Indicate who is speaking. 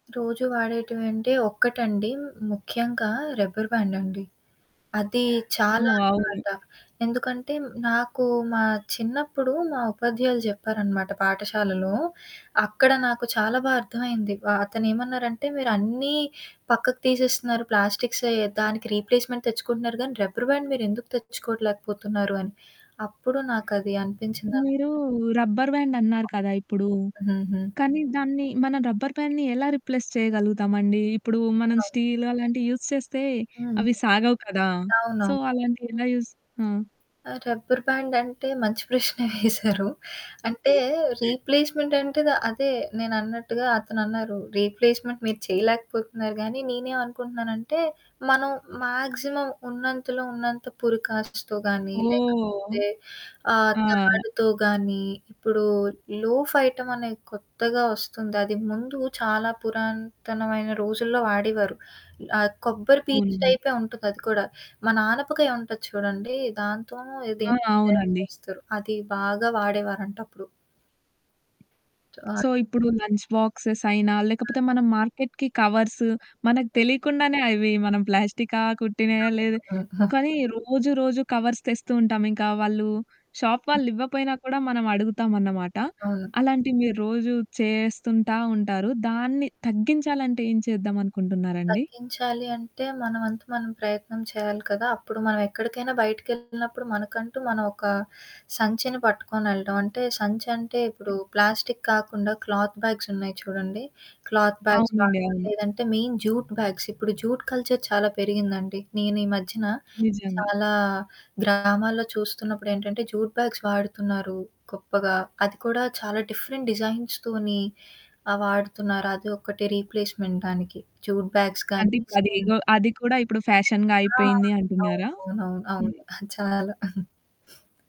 Speaker 1: రోజు వాడేటివంటే ఒక్కటండి. ముఖ్యంగా రబ్బర్ బ్యాండండి. అది చాలా
Speaker 2: హ్మ్. అవును.
Speaker 1: [unintelligible] ఎందుకంటే, నాకు మా చిన్నప్పుడు మా ఉపాధ్యాయులు చెప్పారనమాట పాఠశాలలో. అక్కడ నాకు చాలా బా అర్థమైంది. ఆహ్, అతనేమన్నారంటే, మీరన్నీ పక్కకు తీసేస్తున్నారు ప్లాస్టిక్సే దానికి రీప్లేస్మెంట్ తెచ్చుకుంటున్నారు కానీ, రబ్బర్ బ్యాండ్ మీరెందుకు తెచ్చుకోవట్లేకపోతున్నారు అని. అప్పుడు నాకది అనిపించిందన్న
Speaker 2: మీరు రబ్బర్ బ్యాండ్ అన్నారు కదా ఇప్పుడు.
Speaker 1: హుహు.
Speaker 2: కానీ దాన్ని మనం రబ్బర్ బ్యాండ్‌ని ఎలా రిప్లేస్ చేయగలుగుతామండి? ఇప్పుడు మనం
Speaker 1: ఆ!
Speaker 2: స్టీలు అలాంటివి యూజ్ చేస్తే
Speaker 1: హ్మ్.
Speaker 2: అవి సాగవు కదా! సో,
Speaker 1: అవునవును.
Speaker 2: అలాంటి ఎలా యూజ్ ఆ!
Speaker 1: ఆహ్, రబ్బర్ బ్యాండంటే మంచి ప్రశ్నే వేశారు. అంటే రీప్లేస్మెంటంటే, ద అదే నేనన్నట్టుగా అతనన్నారు. "రీప్లేస్మెంట్ మీరు చేయలేకపోతున్నారు గానీ, నేనేమనుకుంటున్నానంటే, మనం మాక్సిమం ఉన్నంతలో ఉన్నంత పురికాట్స్‌తో గానీ లేకపోతే
Speaker 2: ఓహ్!
Speaker 1: ఆహ్,
Speaker 2: ఆ!
Speaker 1: తాడుతో గానీ" ఇప్పుడు లోఫ్ ఐటమ్ అనేది కొత్తగా ఒస్తుంది. అది ముందు చాలా పురాతనమైన రోజుల్లో వాడేవారు. ఆహ్, కొబ్బరి పీచు
Speaker 2: అవును.
Speaker 1: టైపే ఉంటుందది కూడా. మన ఆనపకాయి ఉంటది చూడండి, దాంతోనో
Speaker 2: ఆ!
Speaker 1: దేంతోనో తయారు
Speaker 2: అవునండి.
Speaker 1: చేస్తరు. అది బాగా వాడేవారంటప్పుడు. ఆ!
Speaker 2: సో, ఇప్పుడు లంచ్ బాక్సెస్ అయినా,
Speaker 1: హ్మ్.
Speaker 2: లేకపోతే మనం మార్కెట్‌కి కవర్సు మనకు తెలియకుండానే అవి మనం ప్లాస్టికా, కుట్టినాయా లేదు కానీ
Speaker 1: [unintelligible]
Speaker 2: రోజు, రోజు కవర్స్ తెస్తూ ఉంటాం. ఇంకా వాళ్ళు షాప్ వాళ్ళు ఇవ్వపోయినా కూడా మనం అడుగుతామన్నమాట.
Speaker 1: అవును.
Speaker 2: అలాంటివి మీరు రోజు చేస్తుంటా ఉంటారు. దాన్ని తగ్గించాలంటే ఏం చేద్దంనుకుంటున్నారండి?
Speaker 1: తగ్గించాలి అంటే మన వంతు మనం ప్రయత్నం చేయాలి కదా! అప్పుడు మనం ఎక్కడికైనా బయటికిెళ్తునప్పుడు, మనకంటూ మనం ఒక సంచిని పట్టుకొని వెళ్ళడం. అంటే సంచంటే ఇప్పుడు
Speaker 2: హ్మ్.
Speaker 1: ప్లాస్టిక్ కాకుండా క్లాత్ బ్యాగ్స్ ఉన్నాయి చూడండి. క్లాత్ బ్యాగ్స్ గాని
Speaker 2: అవునండి. అవును.
Speaker 1: లేదంటే మెయిన్ జూట్ బ్యాగ్స్. ఇప్పుడు జూట్ కల్చర్ చాలా పెరిగిందండి. నేనీ మధ్యన
Speaker 2: నిజంగా.
Speaker 1: చాలా గ్రామాల్లో చూస్తున్నప్పుడేంటంటే, జూట్ బ్యాగ్స్ వాడుతున్నారు, గొప్పగా. అది కూడా చాలా డిఫరెంట్ డిజైన్స్‌తోని ఆహ్, వాడుతున్నారు. అది ఒకటి రీప్లేస్మెంట్ దానికి. జూట్ బ్యాగ్స్ గాని
Speaker 2: అంటిప్పుడది
Speaker 1: హ్మ్.
Speaker 2: ఇగో అది కూడా ఇప్పుడు ఫ్యాషన్‌గా
Speaker 1: ఆ!
Speaker 2: అయిపోయింది అంటున్నారా?
Speaker 1: అవునవును. అవును.
Speaker 2: హ్మ్.
Speaker 1: అది చాలా